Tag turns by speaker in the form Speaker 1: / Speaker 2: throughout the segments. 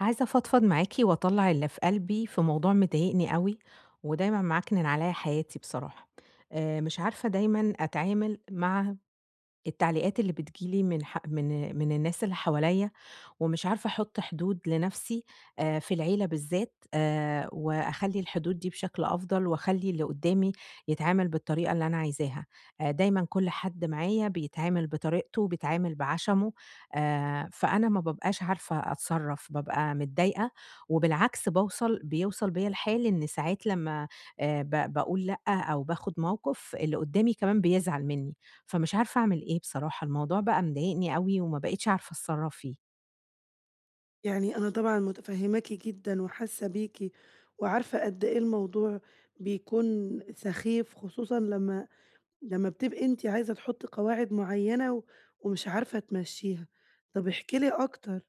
Speaker 1: عايزة أفضْفض معاكِ وأطَلّع اللي في قلبي في موضوع مضايقني أوي، ودايمًا معكْنِن عليَّّ حياتي بصراحة. آآ مش عارفة دايمًا أتعامل مع التعليقات اللي بتيجي لي من ح من من الناس اللي حواليَّ، ومش عارفة أحُط حدود لنَفْسي آآ في العيلة بالذات، آآ وأخلّي الحدود دي بشكل أفضل، وأخَلّي اللي قُدّامي يتعامل بالطريقة اللي أنا عايزاها. آآ دايمًا كل حد معايا بيتعامل بطريقته، وبيتعامل بعَشَمُه، آآ فأنا ما بابقاش عارفة أتْصرّف، بابقى متضايقة، وبالعكس باوْصل بيوْصل بيَّ الحال إن ساعات لمّا آآ ب باقول لأ، أو باخد موقف، اللي قُدّامي كمان بيزعل مني فمش عارفة أعمل إيه بصراحة، الموضوع بقى مضايقني أوي وما بقيتش عارفة أتْصَرّف فيه.
Speaker 2: يعني أنا طبعًا مُتفهماكِ جدًا وحاسّة بيكِ وعارفة قدّ إيه الموضوع بيكون سَخيْف، خصوصًا لمّا لمّا بتبقي أنتِ عايزة تحُطّي قواعد معيَّنة، ومش عارفة تمَشّيها. طَب احكِي لي أكتر،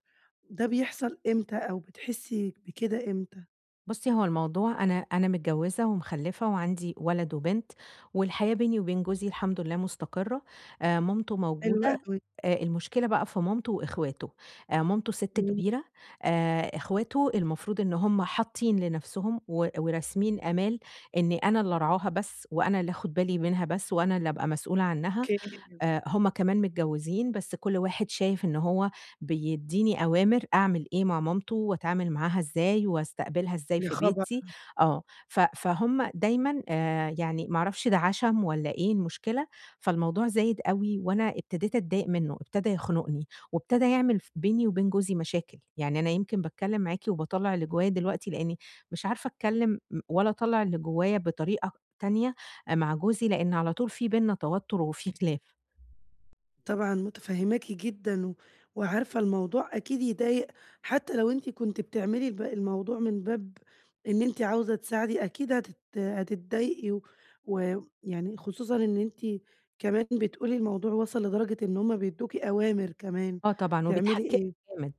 Speaker 2: ده بيحصل إمتى؟ أو بتحسي بكده إمتى؟
Speaker 1: بُصّي، هو الموضوع أنا أنا متجوزة ومخَلَّفة وعندي ولد وبنت، والحياة بيني وبين جوزي الحمد لله مستقرة. آآ، مامتُه
Speaker 2: حلو
Speaker 1: موجودة،
Speaker 2: أوي.
Speaker 1: آآ، المشكلة بقى في مامتُه وإخواتُه. آآ، مامتُه ست
Speaker 2: امم.
Speaker 1: كبيرة، آآ، إخواتُه المفروض إن هُم حاطين لنفسُهُم و وراسمين آمال إن أنا اللي أرعاها بس، وأنا اللي آخد بالي منَها بس، وأنا اللي أبقى مسؤولة عنّها.
Speaker 2: أوكي.
Speaker 1: آآ، هُم كمان متجوزين، بس كُلّ واحد شايف إن هو بيديني أوامر أعمل إيه مع مامتُه، وأتعامل معاها إزاي، وأستقبلها إزاي
Speaker 2: يا
Speaker 1: في
Speaker 2: خبر!
Speaker 1: بيتي، آه، ف فهُم دايمًا آآ، يعني ما أعرَفش ده عَشَم والّا إيه المُشكلة، فالموضوع زايد أوي، وأنا ابتديت أتضايق منه، ابتدى يَخنُقني، وابتدى يعمل ف بيني وبين جوزي مشاكل. يعني أنا يمكن باتكلم معاكِ وباطَلَّع اللي جوايا دلوقتي، لإني مش عارفة أتكلم م ولا أطَلَّع اللي جوايا بطريقة تانية آآ، مع جوزي، لإن على طول في بيننا توتر وفي خلاف.
Speaker 2: طبعًا متفهماكِ جدًا و وعارفة الموضوع أكيد يضايق حتى لو أنتِ كنتِ بتعملي الب الموضوع من باب إن أنتِ عاوزة تساعدي، أكيد هتت هتتضايقي، و ويعني خصوصًا إن أنتِ كمان بتقولي الموضوع وصل لدرجة إن هُم بيدوكِ أوامر كمان
Speaker 1: آه طبعًا،
Speaker 2: تعملي
Speaker 1: وبيتحكّموا
Speaker 2: إيه.
Speaker 1: جامد.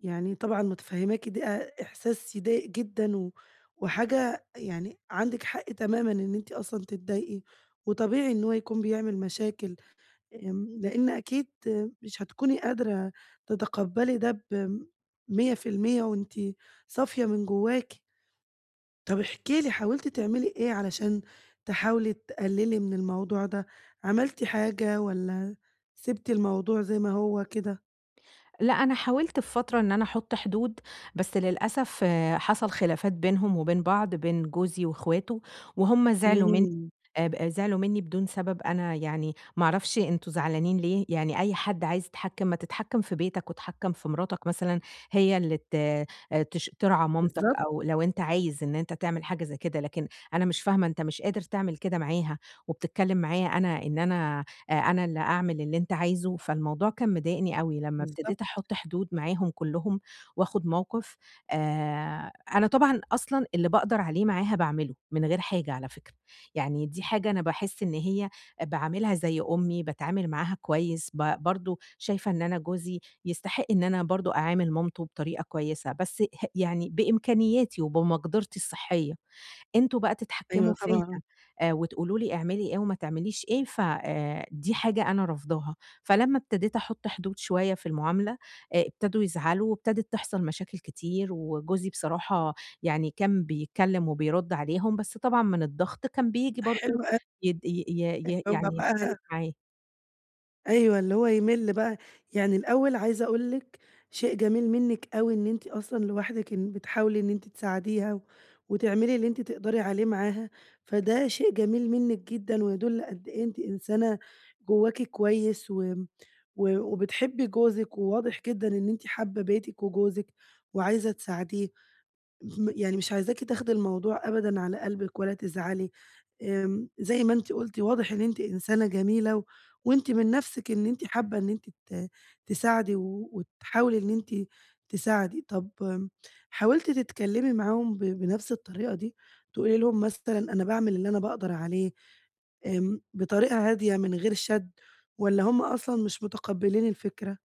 Speaker 2: يعني طبعًا متفهماكِ د أ إحساس يضايق جدًا، و وحاجة يعني عندِك حق تمامًا إن أنتِ أصلًا تتضايقي، وطبيعي إن هو يكون بيعمل مشاكل، آمم، لإن أكيد آآ مش هتكوني قادرة تتقبلي ده ب100% وأنتِ صافية من جواكِ. طَب احكي لي حاولتِ تعملي إيه، علشان تحاولي تقللي من الموضوع ده؟ عملتِ حاجة والّا سبتِ الموضوع زي ما هو كده؟
Speaker 1: لأ، أنا حاولت في فترة إن أنا أحط حدود، بس للأسف حصل خلافات بينهم وبين بعض، بين جوزي وإخواته، وهُم زعلوا من
Speaker 2: امم.
Speaker 1: آب أ زعلوا مني بدون سبب "أنا يعني ما أعرفش أنتم زعلانين ليه؟" يعني أي حد عايز يتحكم "ما تتحكم في بيتك واتحكم في مراتك مثلًا، هي اللي ت آآ تش ترعى مامتك
Speaker 2: بالضبط.
Speaker 1: أو لو أنت عايز إن أنت تعمل حاجة زي كده لكن أنا مش فاهمة أنت مش قادر تعمل كده معاها، وبتتكلم معايا أنا إن أنا آآ، أنا اللي أعمل اللي أنت عايزه" فالموضوع كان مضايقني أوي. لمّا ابتديت
Speaker 2: بالضبط.
Speaker 1: أحُط حدود معاهم كلهم، وآخد موقف آآ، أنا طبعًا أصلًا اللي بأقدر عليه معاها بأعمله من غير حاجة على فكرة، يعني دي حاجة أنا باحس إن هي باعاملها زي أُمّي باتعامل معاها كويس ب برضو شايفة إن أنا جوزي يستحق إن أنا برضو أعامل مامته بطريقة كويسة، بس ه يعني بإمكانياتي وبمقدرتي الصحية. "أنتم بقى
Speaker 2: أيوه
Speaker 1: تتحكموا فيَّ
Speaker 2: طبعًا.
Speaker 1: آآ وتقولوا لي اعملي إيه وما تعمليش إيه ف آآ دي حاجة أنا رافضاها"، فلمّا ابتديت أحُط حدود شوية في المعاملة آآ ابتدوا يزعلوا، وابتدت تحصل مشاكل كتير، وجوزي بصراحة يعني كان بيتكلم وبيرُد عليهم بس طبعًا من الضغط كان بييجي
Speaker 2: حلو
Speaker 1: برضو
Speaker 2: أو
Speaker 1: يد ي ي يعني يختلف
Speaker 2: [unintelligible]
Speaker 1: معايا.
Speaker 2: أيوه، اللي هو يِمِل بقى، يعني الأول عايزة أقول لِك، شيء جميل منِك أوي إن أنتِ أصلًا لوحدِك إن بتحاولي إن أنتِ تساعديها، وتعملي اللي أنتِ تقدَري عليه معاها، فده شيء جميل منِك جدًا ويدُل قد إيه أنتِ إنسانة، جوّاكِ كويّس و و وبتحبّي جوزِك وواضح جدًا إن أنتِ حابّة بيتِك وجوزِك، وعايزة تساعديه، م يعني مش عايزاكِ تاخدي الموضوع أبدًا على قلبِك ولا تزعلي، آمم زي ما أنتِ قُلتِ، واضح إن أنتِ إنسانة جميلة و وأنتِ من نفْسِك إن أنتِ حابّة إن أنتِ ت تساعدي و وتحاولي إن أنتِ تساعدي. طَب حاولتِ تتكلّمي معاهم ب بنفْس الطريقة دي، تقولي لي لهم مثلًا أنا باعمل اللي أنا باقدَر عليه، آمم، بطريقة هادية من غير شَد، والّا هُم أصلًا مش متقبّلين الفكرة؟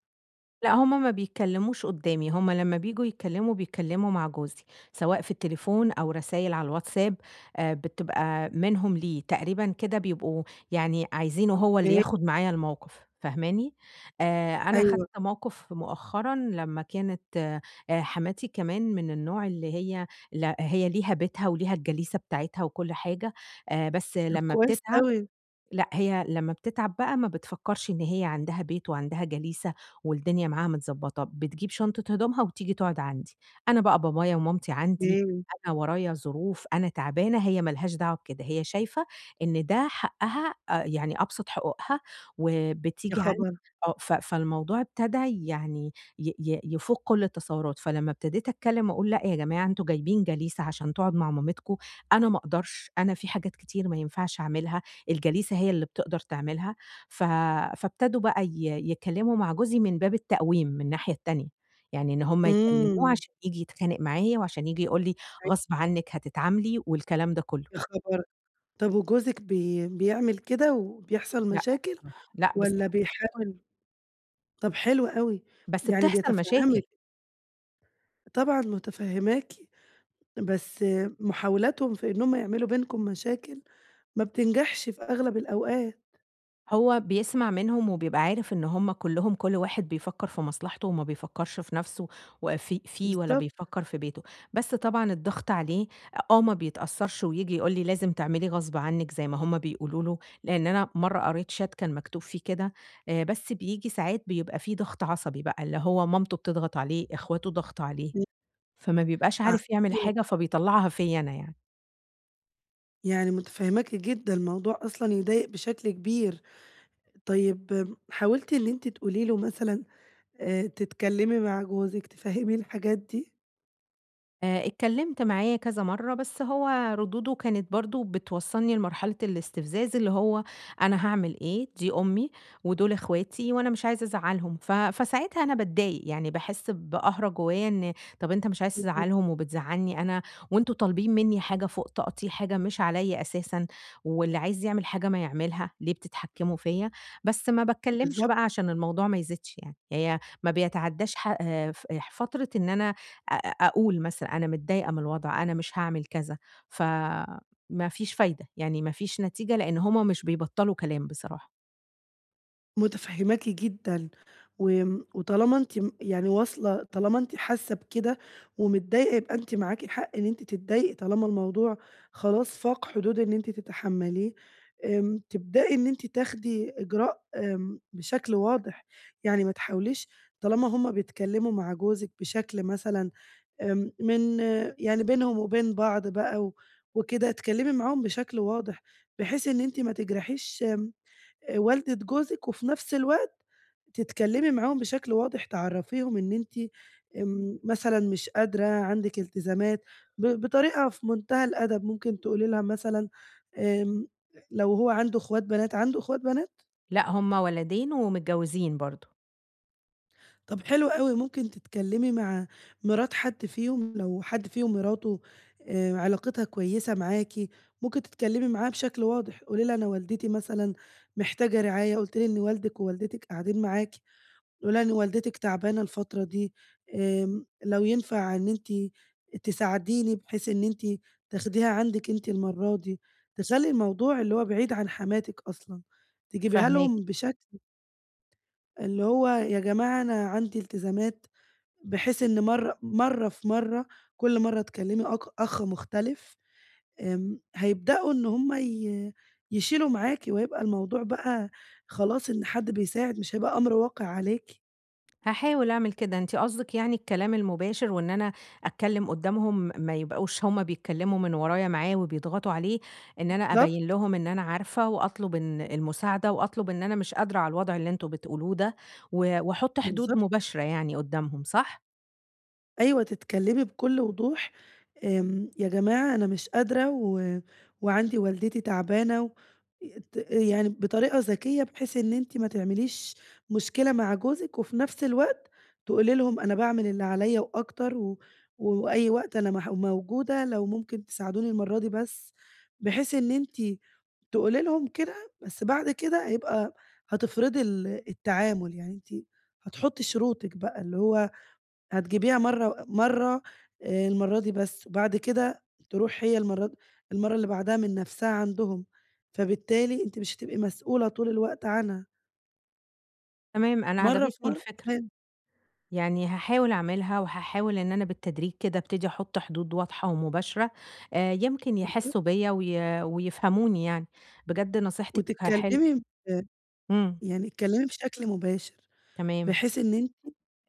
Speaker 1: لأ هُم ما بيتكلّموش قُدّامي، هُم لمّا بييجوا يتكلّموا بيتكلّموا مع جوزي، سواء في التليفون أو رسايل على الواتساب، آآ بتبقى منهم ليه، تقريبًا كده بيبقوا يعني عايزينه هو اللي
Speaker 2: أوكي.
Speaker 1: ياخد معايا الموقِف، فاهماني، آآ أنا خَدت
Speaker 2: أيوه.
Speaker 1: موقِف مؤخرًا لمّا كانت آآ، حماتي كمان من النوع اللي هي، لأ هي ليها بيتها وليها الجليسة بتاعتها وكلّ حاجة، آآ بس
Speaker 2: طب
Speaker 1: لمّا
Speaker 2: كويس
Speaker 1: بتتعَب،
Speaker 2: أوي.
Speaker 1: لأ هي لمّا بتتعب بقى ما بتفكّرش إن هي عندها بيت وعندها جليسة، والدنيا معاها متضبّطة، بتجيب شنطة هدومها وتيجي تقعُد عندي، أنا بقى بابايا ومامتي عندي،
Speaker 2: أوكي.
Speaker 1: أنا ورايا ظروف، أنا تعبانة، هي ما لهاش دعوة بكده، هي شايفة إن ده حقّها آآ، يعني أبسَط حقوقها،
Speaker 2: يا
Speaker 1: وبتيجي عندي،
Speaker 2: خبر!
Speaker 1: آه ف فالموضوع ابتدى يعني ي ي يفُوق كلّ التصوُّرات، فلمّا ابتديت أتكلّم وأقول لأ يا جماعة أنتم جايبين جليسة عشان تقعُد مع مامتكم، أنا ما أقدَرش، أنا في حاجات كتير ما ينفَعش أعملها، الجليسة هي اللي بتقدَر تعملها، ف فابتدوا بقى ي يتكلّموا مع جوزي من باب التقويم من الناحية التانية، يعني إن هُم يكلّموه
Speaker 2: امم.
Speaker 1: عشان ييجي يتخانق معايا وعشان ييجي يقول لي،
Speaker 2: أيوه.
Speaker 1: غصْب عنِك هتتعاملي والكلام ده كلّه.
Speaker 2: يا خبر، طَب وجوزك بي بيعمل كده وبيحصَل
Speaker 1: لأ
Speaker 2: مشاكل،
Speaker 1: بصراحة، لأ
Speaker 2: والّا
Speaker 1: بصراحة.
Speaker 2: بيحاول؟ طَب حلو أوي،
Speaker 1: بس
Speaker 2: يعني
Speaker 1: بتحصَل مشاكل.
Speaker 2: بيتفهّمِك. طبعًا مُتفهّماكِ، بس محاولاتهم في إن هُم يعملوا بينكم مشاكل، ما بتنجَحش في أغلب الأوقات.
Speaker 1: هو بيسمع منهم وبيبقى عارف إن هُم كلّهم كُلّ واحد بيفكّر في مصلحته وما بيفكّرش في نَفْسه وفي فيه ولا
Speaker 2: بالضبط.
Speaker 1: بيفكّر في بيته، بس طبعًا الضغط عليه أ آه ما بيتأثّرش وييجي يقول لي لازم تعملي غصب عنِّك زي ما هُم بيقولوا له، لإن أنا مَرّة قريت chat كان مكتوب فيه كده، آآ، بس بييجي ساعات بيبقى فيه ضغط عصبي بقى اللي هو مامته بتضغط عليه، إخواته ضغط عليه،
Speaker 2: إمم.
Speaker 1: فما بيبقاش عارف يعمل
Speaker 2: عرّفتيه
Speaker 1: حاجة
Speaker 2: بقى.
Speaker 1: فبيطلّعها فيّا أنا يعني.
Speaker 2: يعني متفهماكِ جدًا، الموضوع أصلًا يضايق بشكل كبير، طيب م حاولتِ إن أنتِ تقولي له مثلًا آآ، تتكلمي مع جوزِك تفهّميه الحاجات دي؟
Speaker 1: آآ، اتكلمت معاه كذا مَرّة بس هو ردوده كانت برضو بتوصّلني لمرحلة الاستفزاز، اللي هو "أنا هاعمل إيه؟ دي أمي ودُول إخواتي وأنا مش عايز ازعّلهم"، ف فساعتها أنا باتضايق يعني باحس بقهرة جوّايا إن طَب أنت مش عايز
Speaker 2: [unintelligible]
Speaker 1: تزعلهم وبتزعلني أنا وأنتم طالبين منّي حاجة فوق طاقتي، حاجة مش عليَّ أساسًا، واللي عايز يعمل حاجة ما يعملها، ليه بتتحكموا فيَّا بس ما باتكلمش
Speaker 2: بالضبط.
Speaker 1: بقى عشان الموضوع ما يزيدش يعني، هي ما بيتعداش ح آآ، ف أح فترة إن أنا أ أ أقول مثلًا أنا متضايقة من الوضع أنا مش هاعمل كذا، فما فيش فايدة، يعني ما فيش نتيجة لإن هُم مش بيبطّلوا كلام بصراحة.
Speaker 2: متفهّماكِ جدًا، و آمم وطالما أنتِ م يعني واصلة، طالما أنتِ حاسّة بكده ومتضايقة يبقى أنتِ معاكِ حَق إن أنتِ تتضايقي طالما الموضوع خلاص فاق حدود إن أنتِ تتحملّيه. آمم تبدئي إن أنتِ تاخدي إجراء، آمم بشكل واضح، يعني ما تحاوليش طالما هُم بيتكلّموا مع جوزِك بشكل مثلًا، آمم من يعني بينهُم وبين بعض بقى و وكده، اتكلّمي معاهم بشكل واضح، بحيث إن أنتِ ما تِجرَحيش آمم، والَدة جوزِك، وفي نفْس الوقت تتكلّمي معاهم بشكل واضح تعرّفيهُم إن أنتِ آمم، مثلًا مش قادرة، عندِك التزامات، ب بطريقة في مُنتهى الأدب، ممكن تقولي ليها مثلًا آمم لو هو عندُه إخوات بنات، عندُه إخوات بنات؟
Speaker 1: لأ، هُم ولدين ومتجوّزين برضه.
Speaker 2: طَب حلو أوي، ممكن تتكلّمي مع مرات حد فيهُم، لو حد فيهُم مراتُه آآ علاقتها كويسة معاكِ، ممكن تتكلّمي معاها بشكل واضح. قولي ليها أنا والدتي مثلًا محتاجة رعاية، قُلتِ لي إن والدِك ووالدتِك قاعدين معاكِ. قولي ليها إن والدتِك تعبانة الفترة دي، آمم لو ينفَع إن أنتِ تساعديني بحيث إن أنتِ تاخديها عندِك أنتِ المَرّة دي. تخَلّي الموضوع اللي هو بعيد عن حماتِك أصلًا. تجيبيها
Speaker 1: فاهماكِ.
Speaker 2: لَهُم بشكل اللي هو يا جماعة أنا عندي التزامات، بحيث إن مَرّة مَرّة في مَرّة كلّ مَرّة تكلّمي أك أخ مختلِف. آمم، هيبدؤوا إن هُم ي يشيلوا معاكِ وهيبقى الموضوع بقى خلاص إن حد بيساعد، مش هيبقى أمْر واقِع عليكِ.
Speaker 1: هاحاول اعمل كده، أنتِ قصدِك يعني الكلام المباشر وإن أنا أتكلّم قدامهم ما يبقوش هُم بيتكلموا من ورايا معاه وبيضغطوا عليه، إن أنا أبيّن
Speaker 2: بالضبط.
Speaker 1: لهم إن أنا عارفة وأطلب إن المساعدة، وأطلب إن أنا مش قادرة على الوضع اللي أنتم بتقولوه ده، و واحُط حدود
Speaker 2: بالضبط.
Speaker 1: مباشرة يعني قدامهم، صح؟
Speaker 2: أيوه تتكلمي بكل وضوح، آمم "يا جماعة أنا مش قادرة و وعندي والدتي تعبانة." ي ت يعني بطريقة ذكية بحيث إن أنتِ ما تعمليش مشكلة مع جوزِك وفي نفس الوقت تقولي لهم: "أنا باعمل اللي عليَّ وأكتر و وأي وقت أنا مـح موجودة لو ممكن تساعدوني المرة دي بس." بحيث إن أنتِ تقولي لهم كده بس بعد كده هيبقى هتفرضي ال التعامل يعني أنتِ هتحطي شروطِك بقى، اللي هو هتجيبيها مرة مرة آآ المرة دي بس، وبعد كده تروح هي المرة المرة اللي بعدها من نفسها عندهم، فبالتالي أنتِ مش هتبقي مسؤولة طول الوقت عنها.
Speaker 1: تمام، أنا
Speaker 2: مرة في
Speaker 1: عجبِتني
Speaker 2: مرة،
Speaker 1: الفكرة.
Speaker 2: تمام.
Speaker 1: يعني هاحاول اعملها وهاحاول إن أنا بالتدريج كده ابتدي أحط حدود واضحة ومباشرة، آآ يمكن
Speaker 2: بالضبط.
Speaker 1: يحِسوا بيّا وي ويفهموني يعني. بجد نصيحتِك حلوة.
Speaker 2: وتتكلمي آآ
Speaker 1: امم.
Speaker 2: يعني اتكلمي بشكل مباشر،
Speaker 1: تمام.
Speaker 2: بحيث إن أنتِ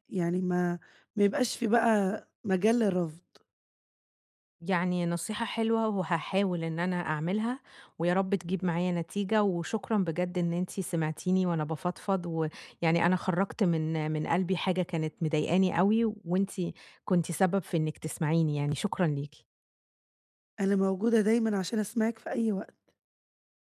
Speaker 2: يعني ما ما يبقاش في بقى مجال للرفض.
Speaker 1: يعني نصيحة حلوة وهاحاول إن أنا اعملها، ويا رب تجيب معايا نتيجة، وشكرًا بجد إن أنتِ سمعتيني وأنا بافضفض، ويعني أنا خرّجت من من قلبي حاجة كانت مضايقاني أوي وأنتِ كنتِ سبب في إنِّك تسمعيني يعني، شكرًا ليكِ.
Speaker 2: أنا موجودة دايمًا عشان أسمعِك في أي وقت.